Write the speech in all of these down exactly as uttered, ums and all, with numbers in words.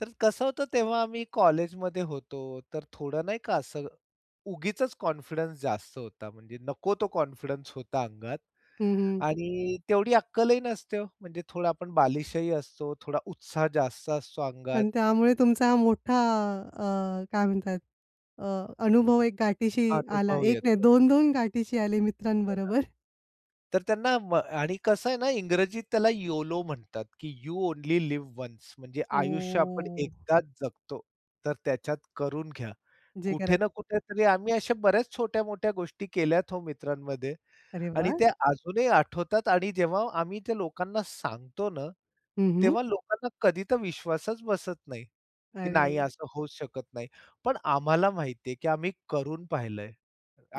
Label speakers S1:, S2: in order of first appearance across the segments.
S1: तर कसं होतं तेव्हा आम्ही कॉलेजमध्ये होतो, तर थोडं नाही का असं उगीचचं कॉन्फिडन्स जास्त होता म्हणजे नको तो कॉन्फिडन्स होता अंगात
S2: हं, हं.
S1: आणि तेवढी अक्कल ही नसते हो, म्हणजे थोडा आपण बालिशही असतो, थोडा उत्साह जास्त असतो अंगात.
S2: पण त्यामुळे तुमचा मोठा अ, काय म्हणतात अ, अनुभव एक गाठीशी आला.
S1: अनुभव
S2: एक नाही,
S1: येतो.
S2: दोन दोन गाठीशी आले
S1: हो ना.
S2: मित्रांबरोबर.
S1: तर त्यांना म आणि कसं आहे ना इंग्रजीत त्याला योलो म्हणतात की यू ओन्ली लिव्ह वन्स म्हणजे आयुष्य आपण
S2: ओ.
S1: एकदाच जगतो. तर त्याच्यात करून घ्या.
S2: जे
S1: कुठे ना
S2: करायचं
S1: कुठे तरी आम्ही अशा बऱ्याच छोट्या-मोठ्या गोष्टी केल्यात हो मित्रांमध्ये
S2: अरे
S1: आणि
S2: वाह!
S1: ते अजूनही आठवतात आणि जेव्हा आम्ही त्या लोकांना सांगतो ना,
S2: हं, हं.
S1: तेव्हा लोकांना कधी तर विश्वासच बसत नाही, की नाही
S2: अरे!
S1: असं होऊच शकत नाही. पण आम्हाला माहिती आहे, की आम्ही करून पाहिलंय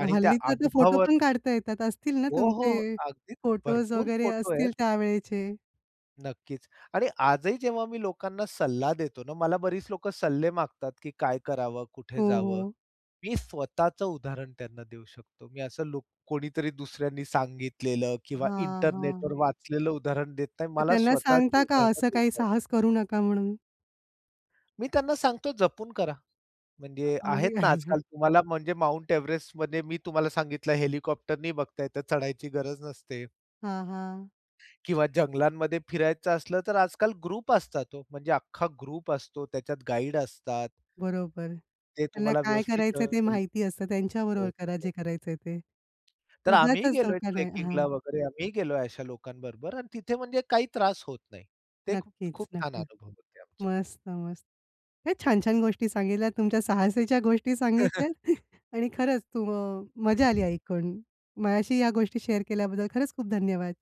S1: आणि त्या
S2: हल्ली तर ते फोटो
S1: अनुभवावर
S2: पण काढता येतात. असतील ना
S1: हो, हो, हो,
S2: तुमचे
S1: अगदीच
S2: फोटोज
S1: भरपूर
S2: वगैरे
S1: फोटो आहेत.
S2: असतील त्यावेळेचे?
S1: नक्कीच आणि आजही जेव्हा मी लोकांना सल्ला देतो ना, मला बरीच लोकं सल्ले मागतात, की काय करावं? कुठे
S2: हो,
S1: जावं?
S2: हो.
S1: मी स्वतःचं उदाहरण त्यांना देऊ शकतो. मी असं लूक कोणीतरी दुसऱ्यांनी सांगितलेलं किंवा
S2: हां,
S1: इंटरनेटवर
S2: हां.
S1: वाचलेलं उदाहरण देत नाही.
S2: मग
S1: मला
S2: त्यांना
S1: स्वतःची
S2: सांगता का
S1: उदाहरण
S2: असं
S1: देता
S2: काही
S1: येतातं.
S2: साहस करू नका म्हणून?
S1: मी त्यांना सांगतो जपून करा. म्हणजे
S2: अ, म्हणजे
S1: आहेत
S2: काय [unintelligible]
S1: ना आजकाल तुम्हाला म्हणजे माउंट एव्हरेस्टमध्ये मी तुम्हाला सांगितलं हेलिकॉप्टरनी बघताय, तर चढायची गरज नसते.
S2: हां, हां.
S1: किंवा जंगलांमध्ये फिरायचं असलं, तर आजकाल ग्रुप असतात हो, म्हणजे अख्खा ग्रुप असतो. त्याच्यात गाईड असतात.
S2: बरोबर.
S1: ते
S2: त्यांना
S1: तुम्हाला
S2: काय
S1: व्यवस्थित
S2: करायचंय ते
S1: अ.
S2: माहिती असतं. त्यांच्याबरोबर करा
S1: [unintelligible]
S2: जे करायचंय ते.
S1: तर आम्हीही
S2: उगाचचं
S1: गेलोय
S2: धोका नाही.
S1: ट्रेकिंगला
S2: हां.
S1: वगैरे, आम्हीही गेलोय अशा लोकांबरोबर आणि तिथे म्हणजे काही त्रास होत नाही. ते
S2: नक्कीच,
S1: खूप छान
S2: नक्कीच.
S1: अनुभव होते आमचे.
S2: मस्त-मस हे छान-छान गोष्टी सांगितल्यात तुमच्या साहसीच्या गोष्टी सांगितल्यात आणि खरंच तुम्ह मजा आली ऐकून. माझ्याशी या गोष्टी शेअर केल्याबद्दल खरंच खूप धन्यवाद.